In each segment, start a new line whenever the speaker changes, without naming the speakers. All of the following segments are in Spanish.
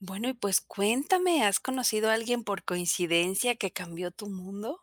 Bueno, y pues cuéntame, ¿has conocido a alguien por coincidencia que cambió tu mundo?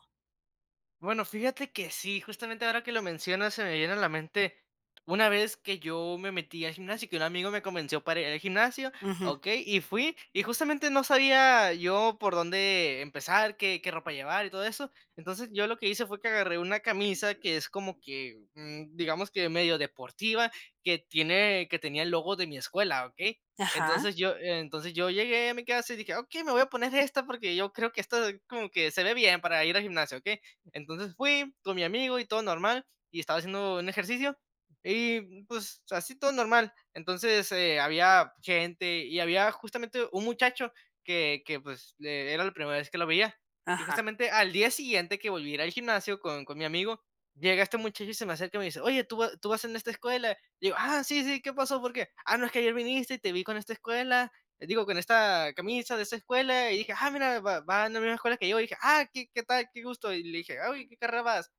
Bueno, fíjate que sí, justamente ahora que lo mencionas se me viene a la mente una vez que yo me metí al gimnasio, que un amigo me convenció para ir al gimnasio,
Ujú.
¿okey? Y fui, y justamente, no sabía yo por dónde empezar, qué qué ropa llevar y todo eso. Entonces, yo lo que hice fue que agarré una camisa que es como que, mm, digamos que medio deportiva que tiene que tenía el logo de mi escuela, ¿okey?
Ajá.
Entonces, yo entonces yo llegué a mi casa y dije: "Okey, me voy a poner esta porque yo creo que esta ahí como que se ve bien para ir al gimnasio, ¿okey?". Entonces, fui con mi amigo y todo normal, y estaba haciendo un ejercicio, y pues, así todo normal. Entonces, eh, había gente y había, justamente un muchacho, que que, pues, eh, era la primera vez que lo veía, y
Ajá.
justamente al día siguiente que volví a ir al gimnasio con con mi amigo, llega este muchacho y se me acerca, y me dice, oye: "¿Tú va tú vas en esta escuela?". Y digo: "Ah, sí, sí, ¿qué pasó? ¿Por qué?". "Ah, no, es que ayer viniste y te vi con esta escuela, digo, con esta camisa de esta escuela y dije: "Ah, mira, va va en la misma escuela que yo". Y dije: "Ah, ¿qué qué tal? Qué gusto". Y le dije: "Oye, ¿en qué carrera vas?"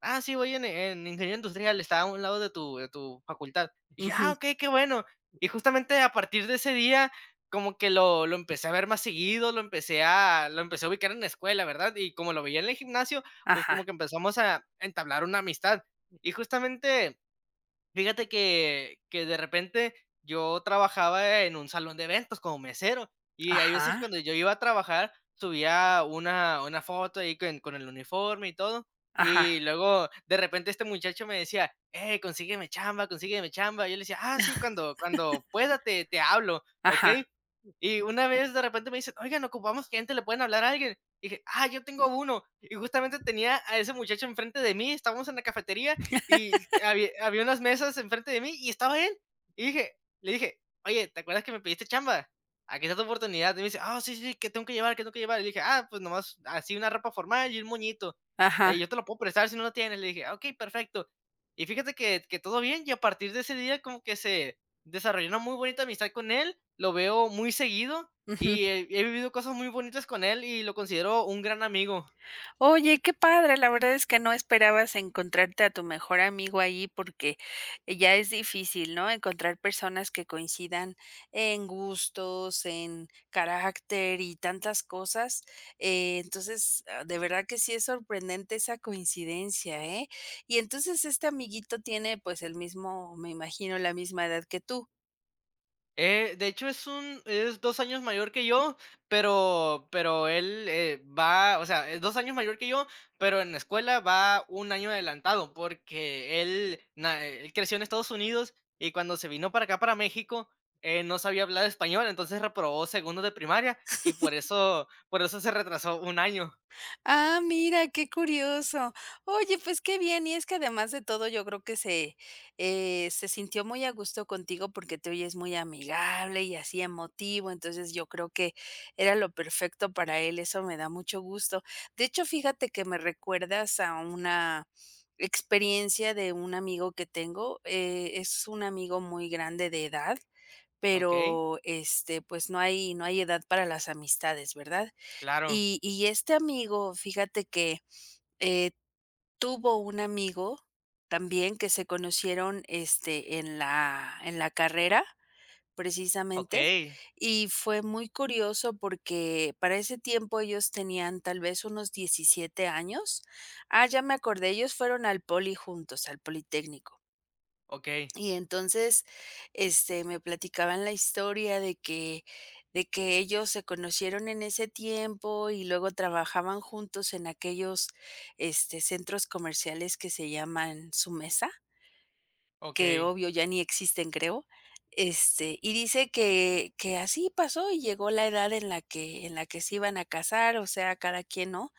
"Ah, sí, voy en, eh, en ingeniero industrial, está a un lado de tu de tu facultad". Dije: "Ah,
Ujú.
okey, qué bueno". Y, justamente a partir de ese día como que lo lo empecé a ver más seguido, lo empecé a lo empecé a ubicar en la escuela, ¿verdad? Y como lo veía en el gimnasio, pues, como
Ajá.
que empezamos a entablar una amistad. Y justamente, fíjate que que de repente yo trabajaba en un salón de eventos como mesero, y hay veces que
Ajá.
cuando yo iba a trabajar subía una una foto ahí que n con el uniforme y todo, y
Ajá.
luego, de repente este muchacho me decía: "Ey, consígueme chamba, consígueme chamba". Yo le decía: "Ah, sí, cuando cuando pueda te te hablo,
Ajá.
¿okey?". Y una vez, de repente me dicen: "Oigan, ocupamos gente, ¿le pueden hablar a alguien?". Dije: "Ah, yo tengo 1," y justamente tenía a ese muchacho enfrente de mí, estábamos en la cafetería y habi había unas mesas enfrente de mí y estaba él, y dije le dije: "Oye, ¿te acuerdas que me pediste chamba? Aquí está tu oportunidad". Y me dice: "Ah, sí, sí, ¿que tengo que llevar? ¿Qué tengo que llevar?". Y dije: "Ah, pues, nomás así una ropa formal y un moñito, eh,
Ajá.
yo te lo puedo prestar si no lo tienes". Le dije: "Okey, perfecto". Y, fíjate que que todo bien, y a partir de ese día como que se desarrolló una muy bonita amistad con él, lo veo muy seguido,
Ujú.
y he he vivido cosas muy bonitas con él y lo considero un gran amigo.
Oye, qué padre, la verdad es que no esperabas encontrarte a tu mejor amigo ahí porque, eh, ya es difícil, ¿no?, encontrar personas que coincidan en gustos, en carácter, y tantas cosas. Entonces, ah, de verdad que sí es sorprendente esa coincidencia, ¿eh? Y entonces, este amiguito tiene pues el mismo, me imagino, la misma edad que tú.
Eh, de hecho, es un es 2 años mayor que yo, pero pero él, eh, va o sea, es 2 años mayor que yo, pero en la escuela va 1 año adelantado porque él na eh, él creció en Estados Unidos y cuando se vino para acá para México, él no sabía hablar español, entonces reprobó segundo de primaria y por eso por eso se retrasó 1 año.
Ah, mira qué curioso, oye, pues, qué bien, y es que además de todo, yo creo que se eh, se sintió muy a gusto contigo, porque te oyes muy amigable y así emotivo, entonces, yo creo que era lo perfecto para él, eso me da mucho gusto, de hecho, fíjate que, me recuerdas a una experiencia de un amigo que tengo, eh, es un amigo muy grande de edad,
Okey.
pero, este, pues, no hay no hay edad para las amistades, ¿verdad?,
Claro.
y y este amigo, fíjate que, eh, tuvo un amigo también, que se conocieron, este, en la en la carrera precisamente,
Okey.
y fue muy curioso, porque para ese tiempo ellos tenían tal vez unos 17 años, ah, ya me acordé, ellos fueron al poli juntos, al Politécnico.
Okey.
Y entonces, este, me platicaban la historia de que de que ellos se conocieron en ese tiempo, y luego trabajaban juntos en aquellos, este, centros comerciales que se llaman Sumesa que
Okey.
obvio ya ni existen creo, este, y dice que que así pasó, y llegó la edad en la que en la que se iban a casar, o sea, cada quien, ¿no?,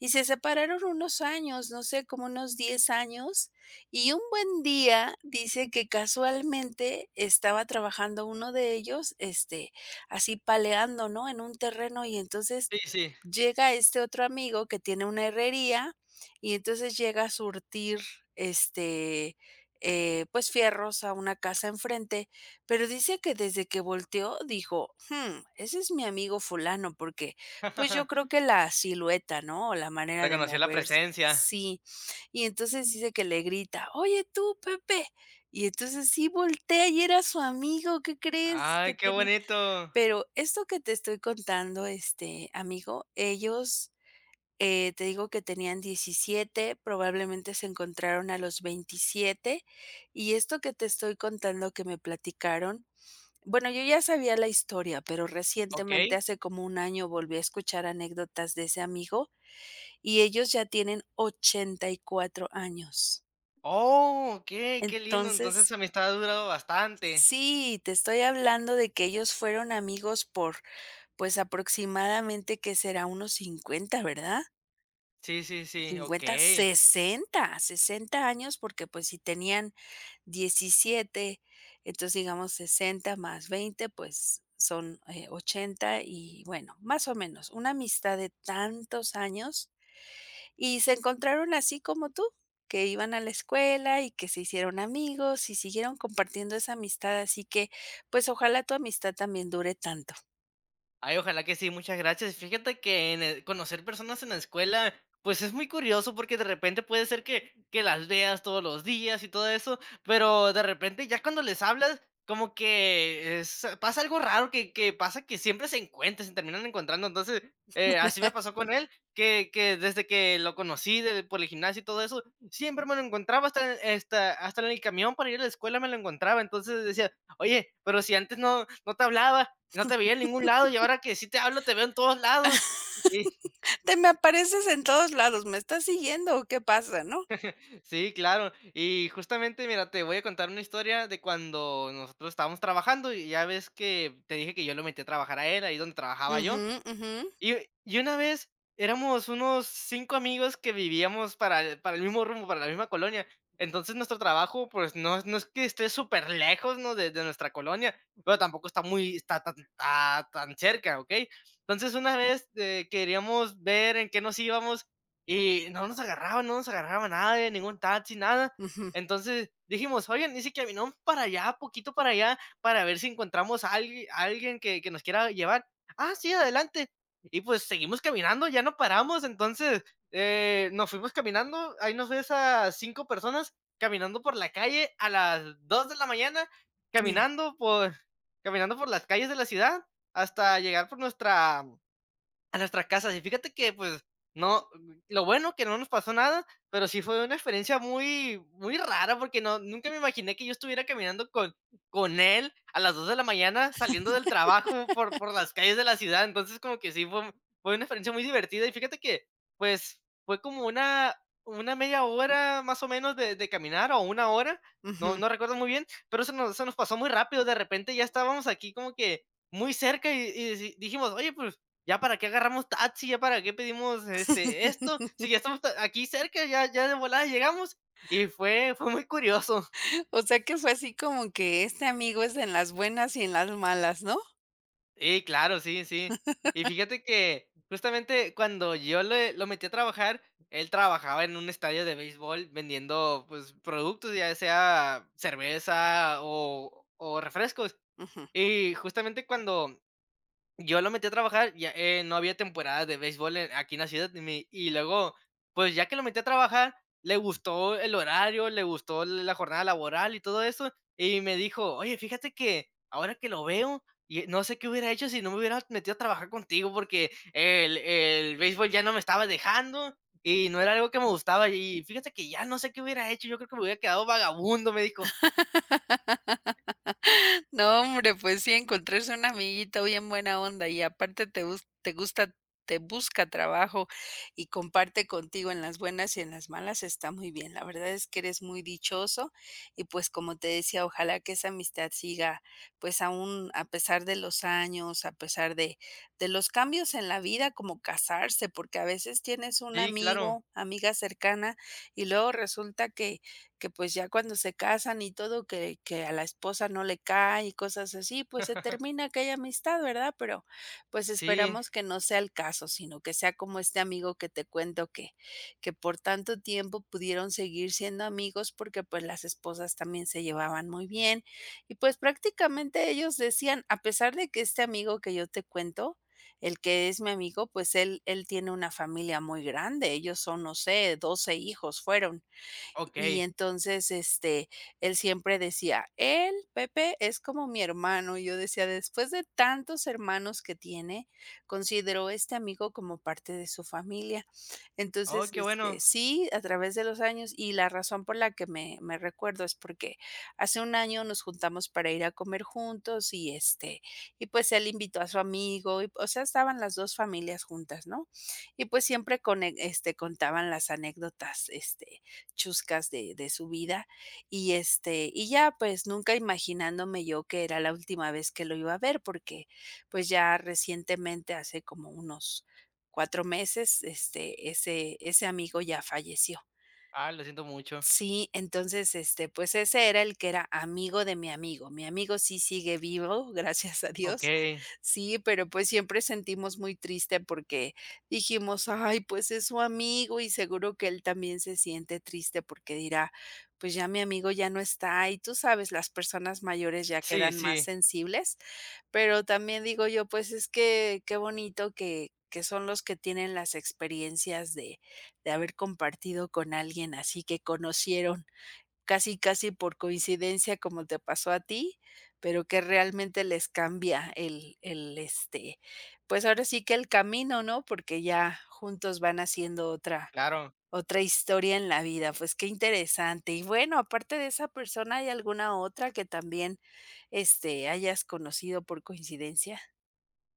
y se separaron unos años, no sé como unos 10 años, y un buen día dice que casualmente estaba trabajando uno de ellos, este, así paleando, ¿no?, en un terreno, y entonces
Sí, sí.
llega este otro amigo que tiene una herrería, y entonces llega a surtir, este, eh, pues fierros a una casa enfrente, pero dice que desde que volteó dijo: "Jum, ese es mi amigo fulano", porque pues yo creo que la silueta, ¿no?, o la manera de
Reconoció la
moverse
presencia.
sí, y entonces dice que le grita: "Oye, tú, Pepe", y entonces sí voltea y era su amigo, ¿qué crees?,
Ay,
que
qué
tenía
bonito.
pero esto que te estoy contando, este, amigo, ellos, eh te digo que tenían 17, probablemente se encontraron a los 27, y esto que te estoy contando que me platicaron, bueno, yo ya sabía la historia, pero recientemente
Okey.
hace como 1 año volví a escuchar anécdotas de ese amigo, y ellos ya tienen 84 años.
Oh, okey, que lindo, entonces
Entonces
esa amistad ha durado bastante.
Sí, te estoy hablando de que ellos fueron amigos por pues aproximadamente, ¿que será? Unos 50, ¿verdad?
Sí, sí, sí,
50,
okey.
60, 60 años, porque pues si tenían 17, entonces, digamos 60, más 20, pues son, eh, 80 y bueno, más o menos, una amistad de tantos años, y se encontraron así como tú, que iban a la escuela, y que se hicieron amigos, y siguieron compartiendo esa amistad, así que pues ojalá tu amistad también dure tanto.
Ay, ojalá que sí, muchas gracias, fíjate que en eh, conocer personas en la escuela, pues es muy curioso porque de repente puede ser que que las veas todos los días y todo eso, pero de repente ya cuando les hablas como que es pasa algo raro que que pasa que siempre se encuentra, se terminan encontrando entonces, eh, así me pasó con él, que que desde que lo conocí de por el gimnasio y todo eso, siempre me lo encontraba hasta hasta hasta en el camión para ir a la escuela me lo encontraba, entonces le decía: "Oye, pero si antes no no te hablaba, no te veía en ningún lado, y ahora que sí te hablo, te veo en todos lados".
Te me apareces en todos lados, ¿me estás siguiendo, o qué pasa?, ¿no?
Sí claro, y justamente mira, te voy a contar una historia de cuando nosotros estábamos trabajando, y ya ves que te dije que yo lo metí a trabajar a él ahí donde trabajaba yo,
Ujú, ujú.
y y una vez éramos unos 5 amigos que vivíamos para el para el mismo rumbo para la misma colonia, entonces nuestro trabajo pues, no es no es que esté superlejos, ¿no?, de de nuestra colonia, pero tampoco está muy está tan, ah, tan cerca, ¿okey? Entonces una vez, eh, queríamos ver en qué nos íbamos, y no nos agarraban no nos agarraba nadie, ningún taxi, nada,
Ujú.
entonces dijimos: "Oye, y si caminamos para allá poquito, para allá para ver si encontramos a alg a alguien que que nos quiera llevar". "Ah, sí adelante", y pues seguimos caminando, ya no paramos, entonces, eh, nos fuimos caminando, ahí nos ves a 5 personas, caminando por la calle, a las 2 de la mañana,
[unintelligible]
caminando por caminando por las calles de la ciudad, hasta llegar por nuestra a nuestra casa, y fíjate que pues no, lo bueno que no nos pasó nada, pero sí fue una experiencia muy muy rara porque no nunca me imaginé que yo estuviera caminando con con él a las 2 de la mañana, saliendo del trabajo, por por las calles de la ciudad, entonces como que sí fue fue una experiencia muy divertida, y fíjate que, pues, fue como una una media hora más o menos de de caminar o 1 hora, no
Ujú.
no recuerdo muy bien, pero se nos se nos pasó muy rápido, de repente ya estábamos aquí como que muy cerca, y y si dijimos: "Oye, pues ya para qué agarramos taxi, ya para qué pedimos, este, esto, sí ya estamos a aquí cerca, ya ya de volada llegamos", y fue fue muy curioso.
O sea, que fue así como que este amigo es en las buenas y en las malas, ¿no?
Ey, claro, sí, sí. Y fíjate que, justamente cuando yo le lo metí a trabajar, él trabajaba en un estadio de béisbol vendiendo, pues, productos, ya sea cerveza o o refrescos,
Ujú.
y justamente cuando, yo lo metí a trabajar ya, eh, no había temporada de béisbol, eh, en aquí en la ciudad, y mi y luego pues ya que lo metí a trabajar, le gustó el horario, le gustó la jornada laboral y todo eso, y me dijo: "Oye, fíjate que, ahora que lo veo, y no sé qué hubiera hecho si no me hubiera metido a trabajar contigo, porque el el béisbol ya no me estaba dejando y no era algo que me gustaba. Y fíjate que ya no sé qué hubiera hecho, yo creo que me hubiera quedado vagabundo", me dijo
No, hombre, pues sí, encontrarse un amiguito bien buena onda, y aparte te gus te gusta te busca trabajo y comparte contigo en las buenas y en las malas, está muy bien, la verdad es que eres muy dichoso, y pues como te decía, ojalá que esa amistad siga, pues aún a pesar de los años, a pesar de de los cambios en la vida, como casarse, porque a veces tienes un
Sí, claro.
amigo, amiga cercana y luego resulta que que pues ya cuando se casan y todo que que a la esposa no le cae y cosas así, pues se termina aquella amistad, ¿verdad? Pero, pues
Sí.
esperamos que no sea el caso, sino que sea como este amigo que te cuento que que por tanto tiempo pudieron seguir siendo amigos porque pues las esposas también se llevaban muy bien. Y pues prácticamente ellos decían, a pesar de que este amigo que yo te cuento, el que es mi amigo, pues él él tiene una familia muy grande. Ellos son, no sé, 12 hijos, fueron. Y
Okey.
entonces, este, él siempre decía "Él, Pepe, es como mi hermano". Y yo decía: "Después de tantos hermanos que tiene, consideró este amigo como parte de su familia".
Oh,
Entonces,
qué
este,
bueno.
sí, a través de los años y la razón por la que me me recuerdo es porque, hace 1 año nos juntamos para ir a comer juntos, y este, y pues él invitó a su amigo, y o sea, estaban las dos familias juntas, ¿no? Y pues siempre con e este, contaban las anécdotas este, chuscas de de su vida, y este, y ya, pues nunca imaginándome yo que era la última vez que lo iba a ver, porque, pues ya recientemente, hace como unos 4 meses, este, ese ese amigo ya falleció.
Ah, lo siento mucho.
Sí, entonces, este, pues ese era el que era amigo de mi amigo. Mi amigo sí sigue vivo, gracias a Dios.
Okey.
Sí, pero pues siempre sentimos muy triste porque dijimos: "Ay, pues es su amigo y seguro que él también se siente triste". Porque dirá: "Pues ya mi amigo ya no está", y tú sabes, las personas mayores ya
Sí,
quedan más
sí.
sensibles. Pero también digo yo, pues es que, qué bonito que que son los que tienen las experiencias de de haber compartido con alguien así, que conocieron casi, casi por coincidencia como te pasó a ti, pero que realmente les cambia el el, este, pues ahora sí que el camino ¿no? Porque ya juntos van haciendo otra
Claro.
otra historia en la vida, pues qué interesante, y bueno, aparte de esa persona, ¿hay alguna otra que también, este, hayas conocido por coincidencia?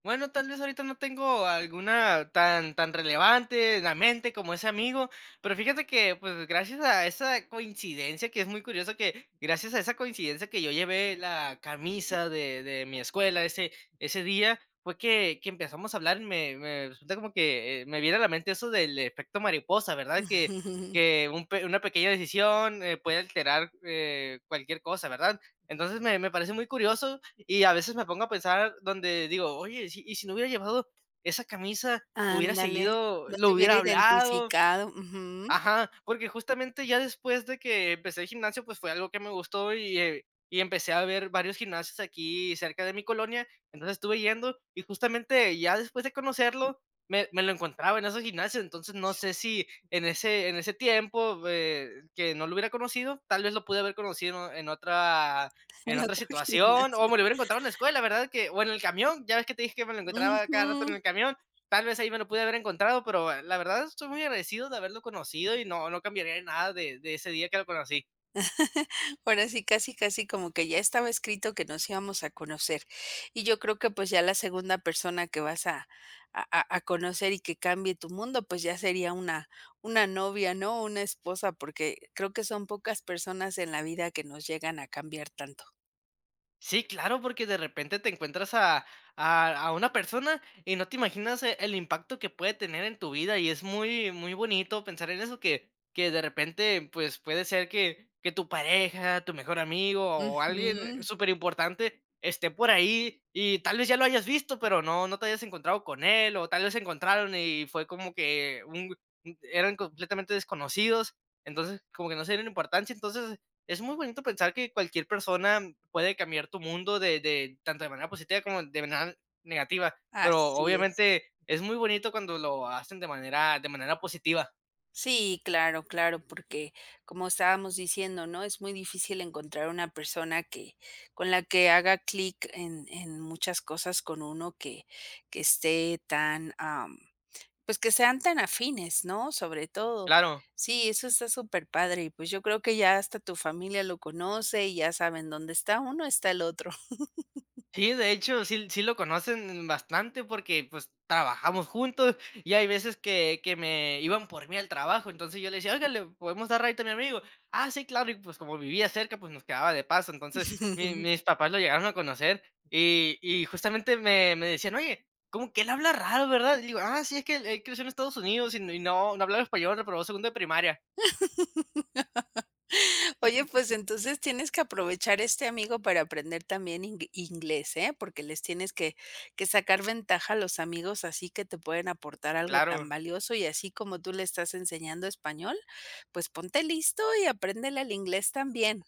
Bueno, tal vez ahorita no tengo alguna tan tan relevante en la mente como ese amigo. Pero fíjate que, pues gracias a esa coincidencia, que es muy curioso que, gracias a esa coincidencia que yo llevé la camisa de de mi escuela ese ese día, fue que que empezamos a hablar, y me me resulta como que, eh, me viene a la mente eso del efecto mariposa, ¿verdad? Que que un peque una pequeña decisión, eh, puede alterar, eh, cualquier cosa, ¿verdad? Entonces me me parece muy curioso, y a veces me pongo a pensar donde digo: "Oye, si y si no hubiera llevado esa camisa, hubiera
Ándale,
seguido
no
lo
te hubiera
hubiera hablado
identificado, ujú.
ajá, porque justamente ya después de que, empecé el gimnasio, pues fue algo que me gustó y, eh, y empecé a ver varios gimnasios aquí cerca de mi colonia. Entonces estuve yendo, y justamente ya después de conocerlo, me me lo encontraba en esos gimnasios. Entonces no sé si en ese en ese tiempo, eh, que no lo hubiera conocido. Tal vez lo pude haber conocido en otra
En
en otra
otro
situación,
gimnasio.
o me lo hubiera encontrado en la escuela, ¿verdad?, que o en el camión. Ya ves que te dije que me lo encontraba
Ujú.
cada rato en el camión. Tal vez ahí me lo pude haber encontrado pero, la verdad, estoy muy agradecido de haberlo conocido, y no no cambiaría nada de ese día que lo conocí.
Ahora sí, casi casi como que ya estaba escrito que nos íbamos a conocer. Y yo creo que pues ya la segunda persona que vas a a a a conocer y que cambie tu mundo, pues ya sería una una novia, ¿no?, una esposa, porque creo que son pocas personas en la vida que nos llegan a cambiar tanto.
Sí, claro, porque de repente te encuentras a a a una persona y no te imaginas, eh, el impacto que puede tener en tu vida. Y es muy muy bonito pensar en eso que que de repente, pues, puede ser que que tu pareja, tu mejor amigo, o alguien
Ujú.
super importante, esté por ahí, y tal vez ya lo habías visto, pero no no te habías encontrado con él, o tal vez se encontraron y fue como que, un g mm, eran completamente desconocidos. Entonces, como que no se dieron importancia. Entonces, es muy bonito pensar que cualquier persona puede cambiar tu mundo de de tanto de manera positiva como de manera negativa. Pero
Así es.
obviamente es muy bonito cuando lo hacen de manera de manera positiva.
Sí, claro, claro, porque como estábamos diciendo, ¿no? Es muy difícil encontrar una persona que con la que haga clic en en muchas cosas con uno, que que esté tan, am, pues que sean tan afines, ¿no?, sobre todo.
Claro.
Sí, eso está súper padre. Y pues yo creo que ya hasta tu familia lo conoce, y ya saben, dónde está uno está el otro.
Sí, de hecho, sí sí lo conocen bastante porque pues, trabajamos juntos, y hay veces que que me iban por mí al trabajo. Entonces yo le decía: "Oiga, ¿le podemos dar ride a mi amigo?". "Ah, sí, claro". Y pues como vivía cerca, pues nos quedaba de paso. Entonces mi mis papás lo llegaron a conocer y y justamente me me decían: "Oye, cómo que él habla raro, ¿verdad?". Le digo: "Ah, sí, es que él él creció en Estados Unidos y no no hablaba español, reprobó segundo de primaria".
Oye, pues entonces tienes que aprovechar este amigo para aprender también ing inglés, ¿eh? Porque les tienes que que sacar ventaja a los amigos, así que te pueden aportar algo tan
Claro.
valioso, y así como tú le estás enseñando español, pues ponte listo y apréndele el inglés también.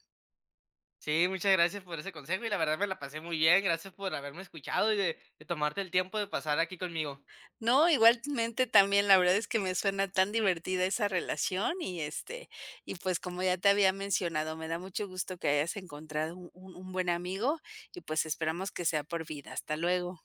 Sí, muchas gracias por ese consejo, y la verdad me la pasé muy bien. Gracias por haberme escuchado, y de de tomarte el tiempo de pasar aquí conmigo.
No, igualmente también, la verdad es que me suena tan divertida esa relación, y este, y pues como ya te había mencionado, me da mucho gusto que hayas encontrado un un buen amigo y pues esperamos que sea por vida. Hasta luego.